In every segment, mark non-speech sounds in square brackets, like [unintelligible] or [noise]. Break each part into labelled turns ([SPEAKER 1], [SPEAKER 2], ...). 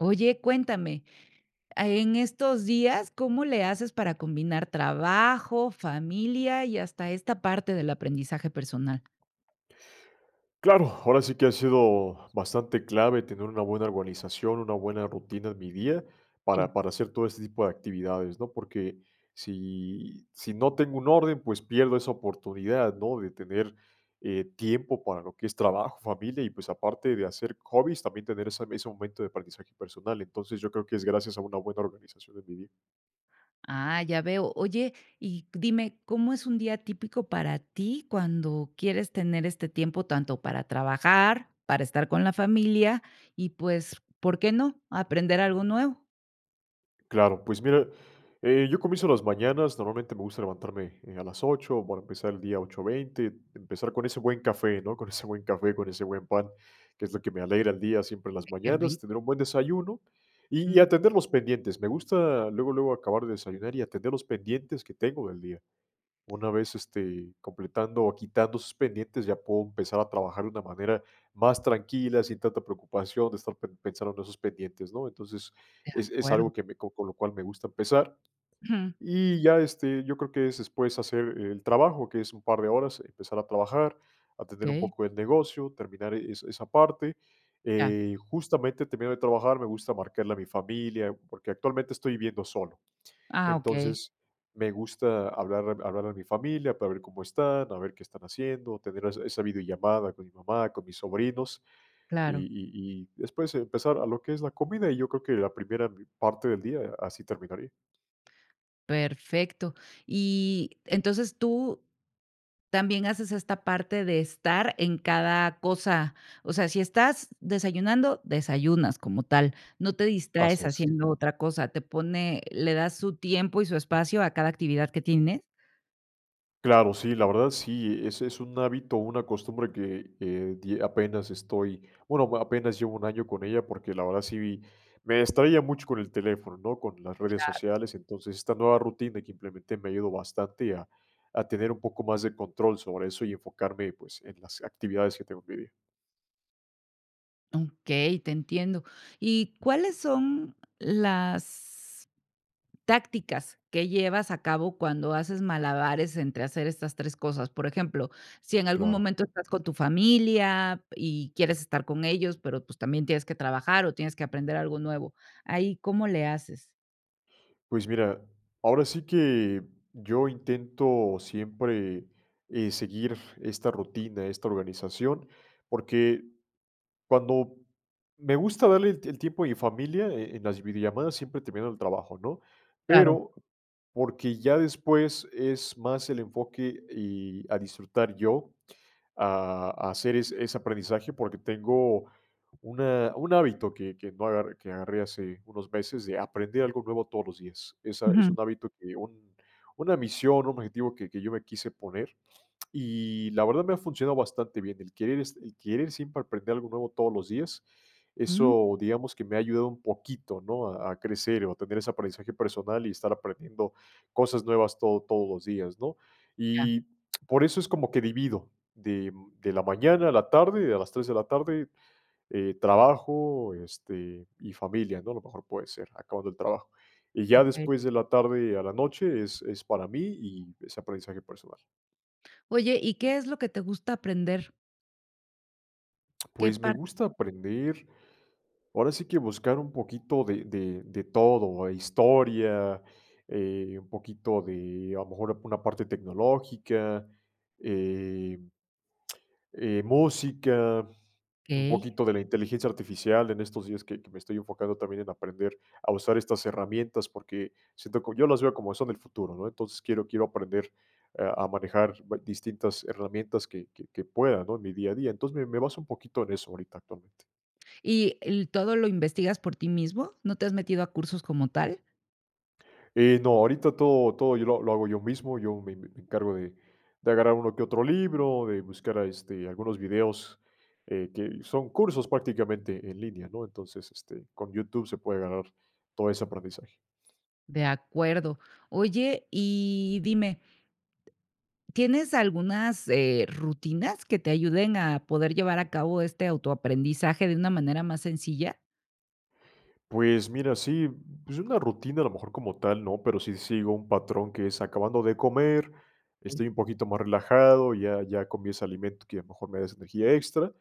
[SPEAKER 1] Oye, cuéntame, ah, en estos días, ¿cómo le haces para combinar trabajo, familia, y hasta esta parte del aprendizaje personal?
[SPEAKER 2] Claro, ahora sí que ha sido bastante clave, tener una buena organización, una buena rutina en mi día,
[SPEAKER 1] Sí.
[SPEAKER 2] para para hacer todo este tipo de actividades, ¿no? Porque si si no tengo un orden, pues, pierdo esa oportunidad, ¿no?, de tener, eh, tiempo para lo que es trabajo, familia y, pues, aparte de hacer hobbies, también tener esa ese momento de aprendizaje personal. Entonces, yo creo que es gracias a una buena organización en mi día.
[SPEAKER 1] Ah, ya veo. Oye, y dime, ¿cómo es un día típico para ti, cuando quieres tener este tiempo tanto para trabajar, para estar con la familia y, pues, por qué no, aprender algo nuevo?
[SPEAKER 2] Claro, pues, mira, eh, yo comienzo las mañanas, normalmente me gusta levantarme, eh, a las 8:00 para empezar el día 8:20, empezar con ese buen café, ¿no?, con ese buen café, [chuckles] con ese buen pan, que es lo que me alegra el día, siempre en las
[SPEAKER 1] Eh, qué
[SPEAKER 2] mañanas,
[SPEAKER 1] rico.
[SPEAKER 2] tener un buen desayuno y
[SPEAKER 1] Mm.
[SPEAKER 2] atender los pendientes. Me gusta luego luego acabar de desayunar y atender los pendientes que tengo del día. Una vez, este, completando o quitando esos pendientes, ya puedo empezar a trabajar de una manera más tranquila, sin tanta preocupación, de estar pe pensando en esos pendientes, ¿no? Entonces,
[SPEAKER 1] De
[SPEAKER 2] es es
[SPEAKER 1] acuerdo.
[SPEAKER 2] algo que me co con lo cual me gusta empezar.
[SPEAKER 1] Ujú.
[SPEAKER 2] Y ya, este, yo creo que es después hacer el trabajo, que es un par de horas, empezar a trabajar, atender un
[SPEAKER 1] Okey.
[SPEAKER 2] poco el negocio, terminar e esa esa parte,
[SPEAKER 1] Ya.
[SPEAKER 2] eh, justamente, termino de trabajar, me gusta marcarle a mi familia, porque actualmente estoy viviendo solo.
[SPEAKER 1] Ah, okey.
[SPEAKER 2] Entonces, me gusta hablar hablarle a mi familia, para ver cómo están, a ver qué están haciendo, tener es esa videollamada con mi mamá, con mis sobrinos, y
[SPEAKER 1] Claro.
[SPEAKER 2] y y después, empezar a lo que es la comida, y yo creo que la primera parte del día, así terminaría.
[SPEAKER 1] Perfecto. Y entonces, tú también haces esta parte de estar en cada cosa. O sea, si estás desayunando, desayunas como tal, no te distraes
[SPEAKER 2] Así es.
[SPEAKER 1] haciendo otra cosa, te pone ¿le das su tiempo y su espacio a cada actividad que tienes?
[SPEAKER 2] Claro, sí, la verdad sí, ese es un hábito, una costumbre que, eh, di apenas estoy, bueno, apenas llevo 1 año con ella, porque la verdad sí, me distraía mucho con el teléfono, ¿no?, con las redes
[SPEAKER 1] Claro.
[SPEAKER 2] sociales. Entonces, esta nueva rutina que implementé me ayudó bastante a a tener un poco más de control sobre eso y enfocarme, pues, en las actividades que tengo en mi día.
[SPEAKER 1] Okey, te entiendo. ¿Y cuáles son las tácticas que llevas a cabo cuando haces malabares entre hacer estas 3 cosas? Por ejemplo, si en algún
[SPEAKER 2] Claro.
[SPEAKER 1] momento estás con tu familia y quieres estar con ellos, pero, pues, también tienes que trabajar, o tienes que aprender algo nuevo, ¿ahí cómo le haces?
[SPEAKER 2] Pues, mira, ahora sí que yo intento siempre, eh, seguir esta rutina, esta organización, porque cuando me gusta darle el el tiempo a mi familia, e en las videollamadas siempre termino el trabajo, ¿no?
[SPEAKER 1] Claro.
[SPEAKER 2] Pero, porque ya después es más el enfoque y a disfrutar yo, a a hacer ese ese aprendizaje, porque tengo una un hábito que que no agarr que agarré hace unos meses, de aprender algo nuevo todos los días. Esa es
[SPEAKER 1] Ujú.
[SPEAKER 2] un hábito que un una misión, un objetivo que que yo me quise poner, y la verdad me ha funcionado bastante bien. El querer s el querer siempre aprender algo nuevo todos los días,
[SPEAKER 1] Mm.
[SPEAKER 2] eso, digamos, que me ha ayudado un poquito, ¿no?, a a crecer o a tener ese aprendizaje personal y estar aprendiendo cosas nuevas todo todos los días, ¿no?
[SPEAKER 1] Ya.
[SPEAKER 2] Y por eso es como que divido, de de la mañana a la tarde, de las 3:00 de la tarde, eh, trabajo, este, y familia, ¿no? A lo mejor puede ser, acabando el trabajo. Y ya
[SPEAKER 1] Okey.
[SPEAKER 2] después de la tarde a la noche es es para mí y ese aprendizaje personal.
[SPEAKER 1] Oye, ¿y qué es lo que te gusta aprender? ¿Qué
[SPEAKER 2] Pues, me
[SPEAKER 1] par?
[SPEAKER 2] gusta aprender, ahora sí que buscar un poquito de de de todo, historia, eh, un poquito de, a lo mejor, una parte tecnológica, eh eh, música, un
[SPEAKER 1] Okey.
[SPEAKER 2] poquito de la inteligencia artificial en estos días, que que me estoy enfocando también en aprender a usar estas herramientas, porque siento que yo las veo como son el futuro, ¿no?, entonces, quiero quiero aprender, eh, a manejar distintas herramientas que que que pueda, ¿no?, en mi día a día, entonces, me me baso un poquito en eso ahorita, actualmente.
[SPEAKER 1] ¿Y el todo lo investigas por ti mismo? ¿No te has metido a cursos como tal?
[SPEAKER 2] Eh, no, ahorita todo todo yo lo lo hago yo mismo, yo me me encargo de de agarrar uno que otro libro, de buscar, a este, algunos videos, eh, que son cursos prácticamente en línea, ¿no?, entonces, este, con YouTube se puede ganar todo ese aprendizaje.
[SPEAKER 1] De acuerdo, oye, y dime ¿tienes algunas, eh, rutinas que te ayuden a poder llevar a cabo este autoaprendizaje de una manera más sencilla?
[SPEAKER 2] Pues, mira, sí. Pues una rutina, a lo mejor, como tal, no. Pero sí sigo un patrón, que es acabando de comer,
[SPEAKER 1] Okey.
[SPEAKER 2] estoy un poquito más relajado, ya ya comí ese alimento que a lo mejor me da esa energía extra.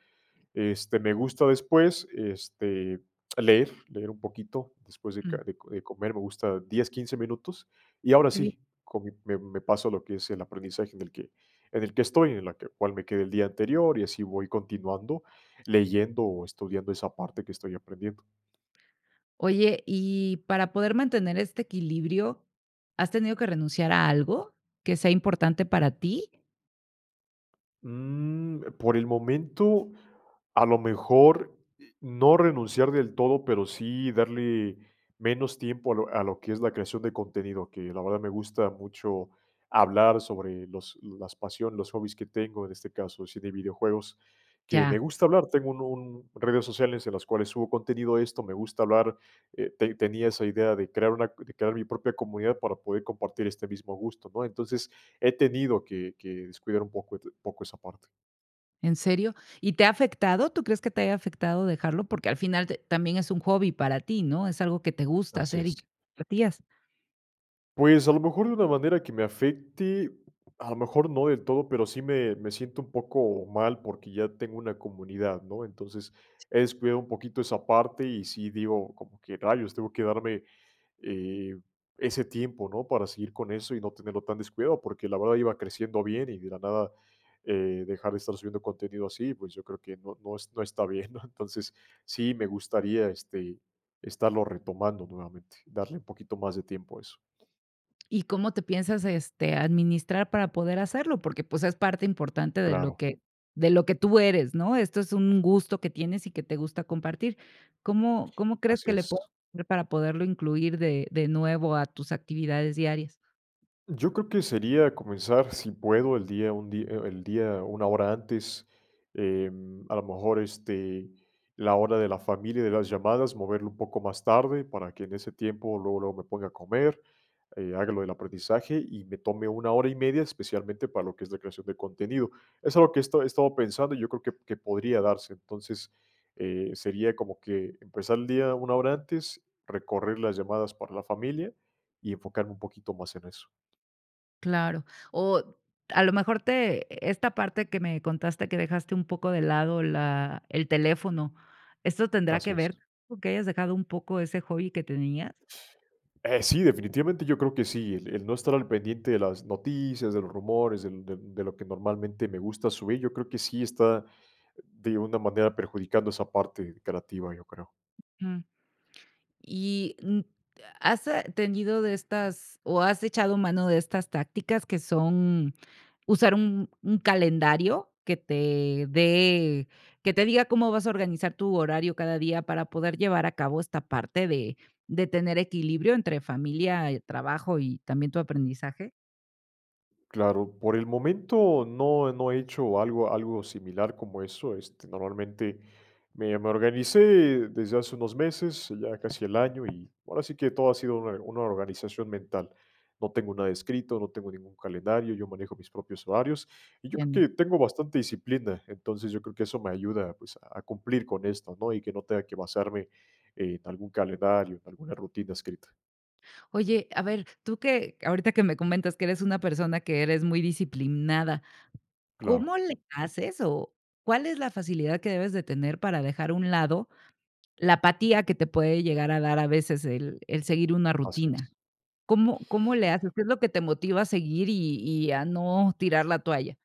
[SPEAKER 2] Este, me gusta después, este, leer. Leer un poquito, después de
[SPEAKER 1] Mm.
[SPEAKER 2] ca de co de comer, me gusta 10, 15 minutos. Y ahora
[SPEAKER 1] Qué bien.
[SPEAKER 2] sí, con mi me me paso a lo que es el aprendizaje, en el que en el que estoy. En la que cuál me quedé el día anterior. Y así voy continuando, leyendo o estudiando esa parte que estoy aprendiendo.
[SPEAKER 1] Oye, y para poder mantener este equilibrio, ¿has tenido que renunciar a algo que sea importante para ti?
[SPEAKER 2] Mm, por el momento, a lo mejor, no renunciar del todo, pero sí darle menos tiempo a lo a lo que es la creación de contenido. Que, la verdad, me gusta mucho hablar sobre los las pasión, los hobbies que tengo. En este caso, el cine y videojuegos, que me
[SPEAKER 1] Ya.
[SPEAKER 2] gusta hablar. Tengo un un redes sociales, en las cuales subo contenido de esto. Me gusta hablar, eh, ten tenía esa idea de crear una de crear mi propia comunidad para poder compartir este mismo gusto, ¿no? Entonces, he tenido que que descuidar un poco, et poco, esa parte.
[SPEAKER 1] ¿En serio? ¿Y te ha afectado? ¿Tú crees que te haya afectado dejarlo? Porque al final t también es un hobby para ti, ¿no?, es algo que te gusta
[SPEAKER 2] Así
[SPEAKER 1] hacer, y que
[SPEAKER 2] es.
[SPEAKER 1] te [unintelligible]
[SPEAKER 2] Pues, a lo mejor, de una manera que me afecte, a lo mejor no del todo, pero sí me me siento un poco mal, porque ya tengo una comunidad, ¿no?, entonces, he descuidado un poquito esa parte y sí, digo, como que: "Rayos, tengo que darme, eh, ese tiempo", ¿no?, para seguir con eso y no tenerlo tan descuidado, porque la verdad iba creciendo bien y de la nada, eh, dejar de estar subiendo contenido así, pues yo creo que no no no está bien, ¿no?, entonces, sí me gustaría, este, estarlo retomando nuevamente, darle un poquito más de tiempo a eso.
[SPEAKER 1] ¿Y cómo te piensas, este, administrar para poder hacerlo? Porque, pues, es parte importante de lo
[SPEAKER 2] Claro.
[SPEAKER 1] que de lo que tú eres, ¿no?, esto es un gusto que tienes, y que te gusta compartir, ¿cómo cómo crees
[SPEAKER 2] Así
[SPEAKER 1] que le
[SPEAKER 2] es.
[SPEAKER 1] [unintelligible] para poderlo incluir de de nuevo a tus actividades diarias?
[SPEAKER 2] Yo creo que sería comenzar, si puedo, el día un dí e el día una hora antes, eh, a lo mejor, este, la hora de la familia de las llamadas, moverlo un poco más tarde, para que en ese tiempo luego, luego me ponga a comer, eh, haga lo del aprendizaje, y me tome una hora y media, especialmente para lo que es la creación de contenido, es algo que he estado he estado pensando, yo creo que que podría darse, entonces, eh, sería como que empezar el día una hora antes, recorrer las llamadas para la familia y enfocarme un poquito más en eso.
[SPEAKER 1] Claro, o a lo mejor te esta parte que me contaste que dejaste un poco de lado la el teléfono, ¿esto tendrá que
[SPEAKER 2] Así es.
[SPEAKER 1] ver con que hayas dejado un poco ese hobby que tenías?
[SPEAKER 2] Eh, sí, definitivamente yo creo que sí, el el no estar al pendiente de las noticias, de los rumores, del de de lo que normalmente me gusta subir, yo creo que sí está de una manera perjudicando esa parte creativa, yo creo.
[SPEAKER 1] Mm. ¿Y, mm, has tenido de estas, o has echado mano de estas tácticas, que son usar un un calendario que te dé, que te diga cómo vas a organizar tu horario cada día para poder llevar a cabo esta parte de de tener equilibrio entre familia, trabajo y también tu aprendizaje?
[SPEAKER 2] Claro, por el momento no no he hecho algo algo similar como eso, este, normalmente me me organicé desde hace unos meses, ya casi el año, y ahora sí que todo ha sido una una organización mental, no tengo nada escrito, no tengo ningún calendario, yo manejo mis propios horarios, y yo
[SPEAKER 1] [unintelligible]
[SPEAKER 2] creo que tengo bastante disciplina, entonces, yo creo que eso me ayuda, pues, a cumplir con esto, ¿no?, y que no tenga que basarme en algún calendario, en alguna rutina escrita.
[SPEAKER 1] Oye, a ver, tú que, ahorita que me comentas que eres una persona que eres muy disciplinada,
[SPEAKER 2] Claro.
[SPEAKER 1] ¿cómo le haces, o cuál es la facilidad que debes de tener para dejar a un lado la apatía que te puede llegar a dar a veces el el seguir una
[SPEAKER 2] Así
[SPEAKER 1] rutina?
[SPEAKER 2] es.
[SPEAKER 1] ¿Cómo cómo le haces? ¿Qué es lo que te motiva a seguir, y y a no tirar la toalla?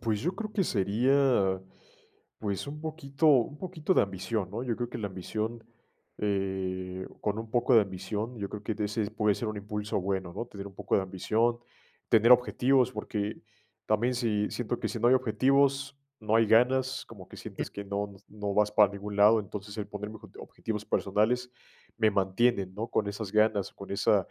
[SPEAKER 2] Pues yo creo que sería pues, un poquito un poquito de ambición, ¿no? Yo creo que la ambición eh, con un poco de ambición, yo creo que de ese puede ser un impulso bueno, ¿no? Tener un poco de ambición, tener objetivos. Porque también, si siento que si no hay objetivos, no hay ganas. Como que sientes que no no vas para ningún lado. Entonces, el ponerme obje objetivos personales, me mantiene, ¿no?, con esas ganas, con esa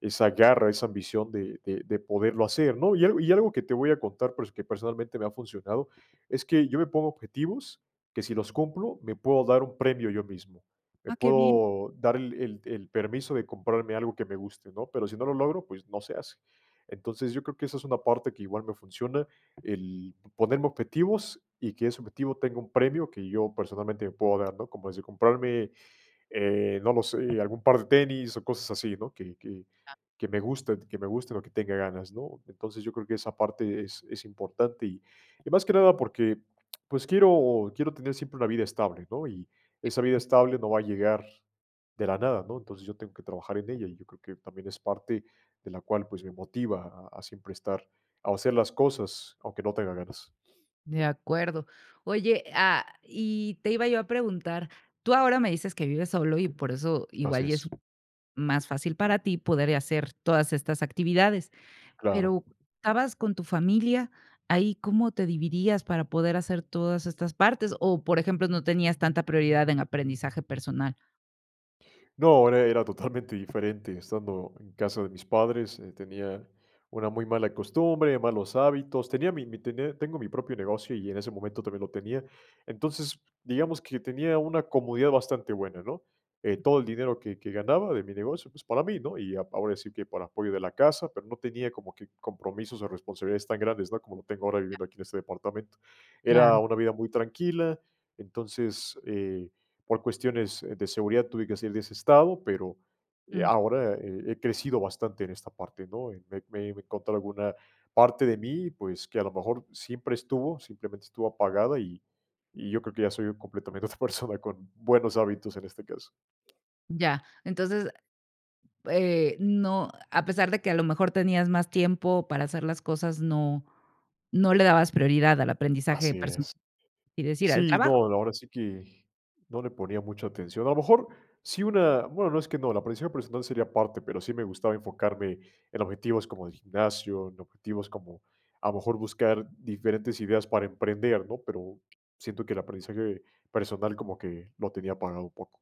[SPEAKER 2] esa garra, esa ambición de de de poderlo hacer, ¿no? Y algo y algo que te voy a contar, pero es que personalmente me ha funcionado, es que yo me pongo objetivos, que si los cumplo, me puedo dar un premio, yo mismo. Me
[SPEAKER 1] Ah, qué bien.
[SPEAKER 2] puedo dar el el el permiso de comprarme algo que me guste, ¿no? Pero, si no lo logro, pues, no se hace. Entonces, yo creo que esa es una parte, que igual me funciona. El ponerme objetivos, y que ese objetivo tenga un premio que yo personalmente me puedo dar, ¿no? Como desde comprarme, eh, no lo sé, algún par de tenis, o cosas así, ¿no? Que que que me gusten, que me gusten, o que tenga ganas, ¿no? Entonces, yo creo que esa parte es es importante. Y y más que nada, porque pues, quiero quiero tener siempre una vida estable, ¿no? Y esa vida
[SPEAKER 1] [unintelligible]
[SPEAKER 2] estable no va a llegar de la nada, ¿no? Entonces, yo tengo que trabajar en ella. Y yo creo que también es parte, de la cual, pues me motiva a a siempre estar O a hacer las cosas, aunque no tenga ganas.
[SPEAKER 1] De acuerdo. Oye, ah, y te iba yo a preguntar. Tú ahora me dices que vives solo, y por eso
[SPEAKER 2] Así
[SPEAKER 1] igual, y es
[SPEAKER 2] es.
[SPEAKER 1] más fácil para ti poder y hacer todas estas actividades.
[SPEAKER 2] Claro.
[SPEAKER 1] Pero estabas con tu familia, ¿ahí cómo te dividías para poder hacer todas estas partes? O, por ejemplo, no tenías tanta prioridad en aprendizaje personal.
[SPEAKER 2] No, e era totalmente diferente, estando en casa de mis padres, eh, tenían una muy mala costumbre, malos hábitos, tenía mi mi tenía tengo mi propio negocio, y en ese momento también lo tenía. Entonces, digamos que tenía una comodidad bastante buena, ¿no? Eh, todo el dinero que que ganaba de mi negocio, pues, para mí, ¿no? Y ahora sí que para apoyo de la casa, pero no tenía como que compromisos o responsabilidades tan grandes, ¿no? Como lo tengo ahora viviendo aquí en este departamento. Era
[SPEAKER 1] Claro.
[SPEAKER 2] una vida muy tranquila, entonces, eh, por cuestiones, eh, de seguridad tuve que salir de ese estado, pero, eh,
[SPEAKER 1] Mm.
[SPEAKER 2] ahora he he crecido bastante en esta parte, ¿no? Me me me encontré alguna parte de mí, pues, que a lo mejor siempre estuvo, simplemente estuvo apagada, y y yo creo que ya soy completamente otra persona con buenos hábitos en este caso.
[SPEAKER 1] Ya. Entonces, eh, no, a pesar de que, a lo mejor tenías más tiempo para hacer las cosas, no no le dabas prioridad al aprendizaje
[SPEAKER 2] Así
[SPEAKER 1] personal.
[SPEAKER 2] es.
[SPEAKER 1] Es decir, al
[SPEAKER 2] Sí, no,
[SPEAKER 1] trabajo.
[SPEAKER 2] ahora sí que, no le ponía mucha atención. A lo mejor, sí una bueno, no es que no, el aprendizaje personal sería aparte, pero sí me gustaba enfocarme en objetivos como el gimnasio, en objetivos como, a lo mejor, buscar diferentes ideas para emprender, ¿no? Pero siento que el aprendizaje personal como que lo tenía apagado un poco.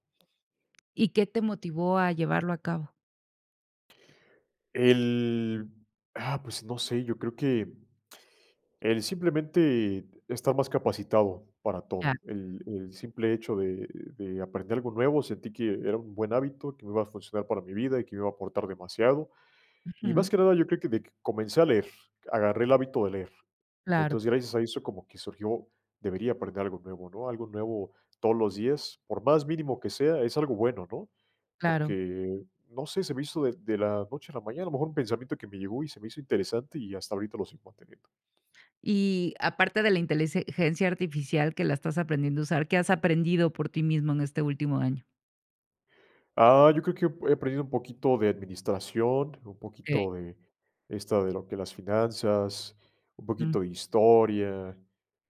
[SPEAKER 1] ¿Y qué te motivó a llevarlo a cabo?
[SPEAKER 2] El ah, pues, no sé, yo creo que, el simplemente estar más capacitado para
[SPEAKER 1] Ya.
[SPEAKER 2] todo, el el simple hecho de de aprender algo nuevo, sentí que era un buen hábito, que me iba a funcionar para mi vida, y que me iba a aportar demasiado, y más
[SPEAKER 1] Ujú.
[SPEAKER 2] que nada yo creo que de comencé a leer, agarré el hábito de leer,
[SPEAKER 1] Claro.
[SPEAKER 2] entonces, gracias a eso como que surgió, debería aprender algo nuevo, ¿no?, algo nuevo todos los días, por más mínimo que sea, es algo bueno, ¿no?,
[SPEAKER 1] Claro.
[SPEAKER 2] porque, no sé, se me hizo de de la noche a la mañana, a lo mejor un pensamiento que me llegó y se me hizo interesante, y hasta ahorita lo sigo manteniendo.
[SPEAKER 1] Y aparte de la inteligencia artificial, que la estás aprendiendo a usar, ¿qué has aprendido por ti mismo en este último año?
[SPEAKER 2] Ah, yo creo que he aprendido un poquito de administración, un
[SPEAKER 1] Okey.
[SPEAKER 2] poquito de esta de lo que es las finanzas, un
[SPEAKER 1] Mm.
[SPEAKER 2] poquito de historia,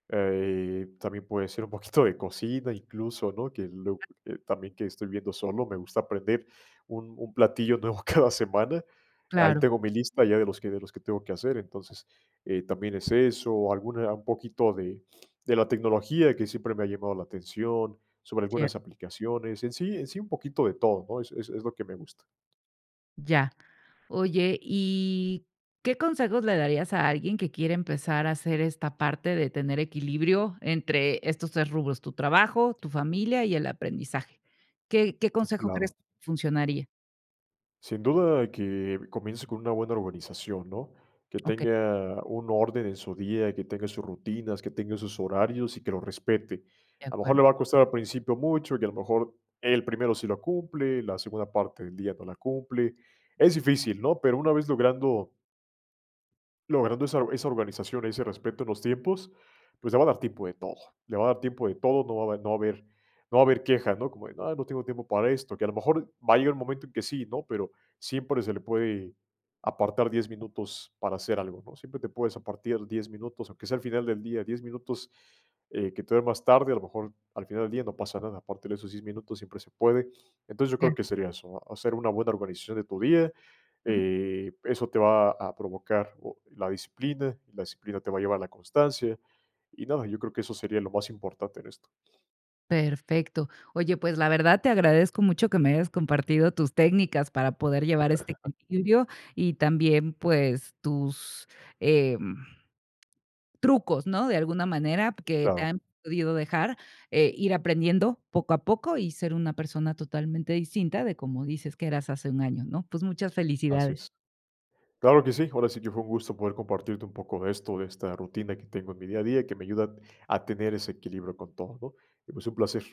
[SPEAKER 2] eh, también puede ser un poquito de cocina, incluso, ¿no?, que lo eh, también que estoy viviendo solo, me gusta aprender un un platillo nuevo cada semana, ahí
[SPEAKER 1] Claro.
[SPEAKER 2] tengo mi lista ya de los que de los que tengo que hacer, entonces, eh, también es eso, alguna un poquito de [sniffs] de la tecnología que siempre me ha llamado la atención, sobre
[SPEAKER 1] Cierto.
[SPEAKER 2] algunas aplicaciones, en sí en sí, un poquito de todo, ¿no?, es es es lo que me gusta.
[SPEAKER 1] Ya, oye, ¿y, qué consejos le darías a alguien que quiere empezar a hacer, esta parte de tener equilibrio entre estos 3 rubros?, tu trabajo, tu familia y el aprendizaje, ¿qué qué consejo
[SPEAKER 2] Claro.
[SPEAKER 1] crees funcionaría?
[SPEAKER 2] Sin duda que comience con una buena organización, ¿no?, que
[SPEAKER 1] Okey.
[SPEAKER 2] tenga un orden en su día, que tenga sus rutinas, que tenga sus horarios y que lo respete.
[SPEAKER 1] De
[SPEAKER 2] A lo mejor,
[SPEAKER 1] acuerdo.
[SPEAKER 2] le va a costar al principio mucho, y a lo mejor, el primero sí lo cumple, la segunda parte del día no la cumple, es difícil, ¿no?, pero una vez logrando logrando esa esa organización, ese respeto a los tiempos, pues, le va a dar tiempo de todo le va a dar tiempo de todo, no va a habe no va a haber no va a haber queja, ¿no?, como de: "Ah, no tengo tiempo para esto", que a lo mejor, va a llegar el momento en que sí, ¿no?, pero siempre se le puede, apartar 10 minutos para hacer algo, ¿no?, siempre te puedes apartar 10 minutos, aunque sea al final del día, 10 minutos, eh, que te dé más tarde, a lo mejor al final del día no pasa nada, aparte en esos 10 minutos siempre se puede, entonces, yo creo
[SPEAKER 1] Claro.
[SPEAKER 2] que sería eso, hacer una buena organización de tu día,
[SPEAKER 1] Mm.
[SPEAKER 2] eh, eso te va a provocar, oh, la disciplina, la disciplina te va a llevar a la constancia, y nada, yo creo que eso sería lo más importante en esto.
[SPEAKER 1] Perfecto, oye, pues, la verdad, te agradezco mucho que me hayas compartido tus técnicas para poder llevar este
[SPEAKER 2] [laughs]
[SPEAKER 1] equilibrio y también, pues, tus, em, trucos ¿no?, de alguna manera que te
[SPEAKER 2] Claro.
[SPEAKER 1] han podido dejar, eh, ir aprendiendo poco a poco, y ser una persona totalmente distinta de como dices que eras hace 1 año, ¿no?, pues, muchas
[SPEAKER 2] Así
[SPEAKER 1] felicidades.
[SPEAKER 2] es, claro que sí, ahora sí que fue un gusto poder compartirte un poco de esto, de esta rutina que tengo en mi día a día, que me ayuda a tener ese equilibrio con todo, ¿no?, y, pues, un placer.